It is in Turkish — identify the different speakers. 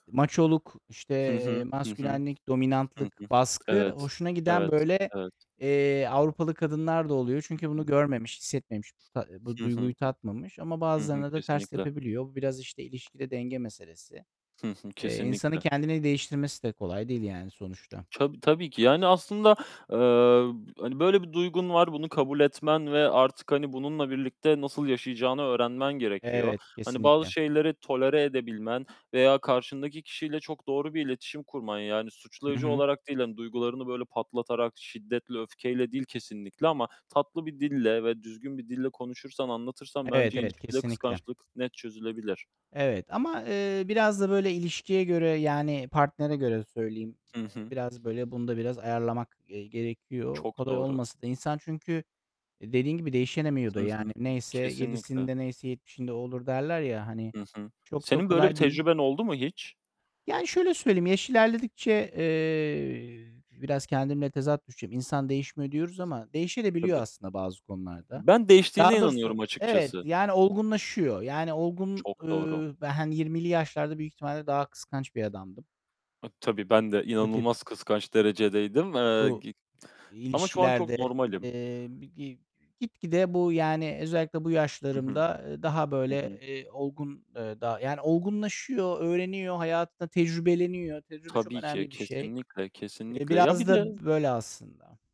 Speaker 1: Maçoluk, işte,
Speaker 2: Hı
Speaker 1: eee,
Speaker 2: hı, hı hı,
Speaker 1: maskülenlik,
Speaker 2: hı hı.
Speaker 1: dominantlık, baskı
Speaker 2: Evet,
Speaker 1: hoşuna giden,
Speaker 2: evet,
Speaker 1: böyle,
Speaker 2: evet.
Speaker 1: eee, Avrupalı kadınlar da oluyor.
Speaker 2: Hı
Speaker 1: Çünkü bunu
Speaker 2: hı.
Speaker 1: görmemiş, hissetmemiş, bu ta bu
Speaker 2: Hı hı.
Speaker 1: duyguyu tatmamış. Ama
Speaker 2: Hı hı.
Speaker 1: bazılarına da ters
Speaker 2: Kesinlikle.
Speaker 1: tepebiliyor. Bu biraz, işte, ilişkide denge meselesi.
Speaker 2: Hı hı,
Speaker 1: Eee, insanın
Speaker 2: kesinlikle.
Speaker 1: kendini değiştirmesi de kolay değil, yani, sonuçta.
Speaker 2: Tabii, tabii ki. Yani, aslında, eee, hani, böyle bir duygun var. Bunu kabul etmen ve artık, hani, bununla birlikte nasıl yaşayacağını öğrenmen gerekiyor.
Speaker 1: Evet,
Speaker 2: Hani, bazı
Speaker 1: kesinlikle.
Speaker 2: şeyleri tolere edebilmen veya karşındaki kişiyle çok doğru bir iletişim kurman, yani,
Speaker 1: Hı
Speaker 2: suçlayıcı
Speaker 1: hı.
Speaker 2: olarak değil, hani, duygularını, böyle, patlatarak, şiddetle, öfkeyle değil kesinlikle ama tatlı bir dille ve düzgün bir dille konuşursan, anlatırsan
Speaker 1: Evet,
Speaker 2: bence
Speaker 1: evet,
Speaker 2: ilişkide
Speaker 1: kesinlikle.
Speaker 2: kıskançlık net çözülebilir.
Speaker 1: Evet ama, eee, biraz da böyle, ilişkiye göre, yani, partnere göre söyleyeyim,
Speaker 2: Hı
Speaker 1: eee,
Speaker 2: hı.
Speaker 1: biraz, böyle, bunu da biraz ayarlamak, eee, gerekiyor.
Speaker 2: Çok
Speaker 1: Kolay
Speaker 2: doğru.
Speaker 1: olmasa da insan çünkü dediğin gibi değişemiyor da,
Speaker 2: Hı hı.
Speaker 1: yani. Neyse
Speaker 2: Kesinlikle.
Speaker 1: yedisinde neyse yetmişinde o olur derler, ya, hani,
Speaker 2: Hı hı.
Speaker 1: çok da
Speaker 2: Senin böyle bir
Speaker 1: kolay değil.
Speaker 2: tecrüben oldu mu hiç?
Speaker 1: Yani, şöyle söyleyeyim, yaş ilerledikçe, eee, biraz kendimle tezat düşeceğim. İnsan değişmiyor diyoruz ama değişebiliyor
Speaker 2: Tabii.
Speaker 1: da aslında bazı konularda.
Speaker 2: Ben değiştiğine
Speaker 1: Daha
Speaker 2: inanıyorum
Speaker 1: doğrusu Evet,
Speaker 2: açıkçası.
Speaker 1: yani, olgunlaşıyor. Yani, olgun,
Speaker 2: Çok doğru.
Speaker 1: ööö, [unintelligible] 20'li yaşlarda büyük ihtimalle daha kıskanç bir adamdım.
Speaker 2: [unintelligible] Tabii, ben de
Speaker 1: Bu tip
Speaker 2: inanılmaz kıskanç derecedeydim. Eee,
Speaker 1: bu
Speaker 2: gi ama şu an çok
Speaker 1: ilişkilerde,
Speaker 2: normalim.
Speaker 1: eee, bir gi gitgide bu, yani, özellikle bu
Speaker 2: Hı hı,
Speaker 1: yaşlarımda, eee, daha,
Speaker 2: hı
Speaker 1: böyle,
Speaker 2: hı.
Speaker 1: eee, olgun, eee, daha yani, olgunlaşıyor, öğreniyor, hayatında tecrübeleniyor. Tecrübe çok
Speaker 2: Tabii ki.
Speaker 1: önemli bir şey.
Speaker 2: Kesinlikle,
Speaker 1: Eee,
Speaker 2: kesinlikle. Ya, bir
Speaker 1: biraz
Speaker 2: de
Speaker 1: da böyle, aslında.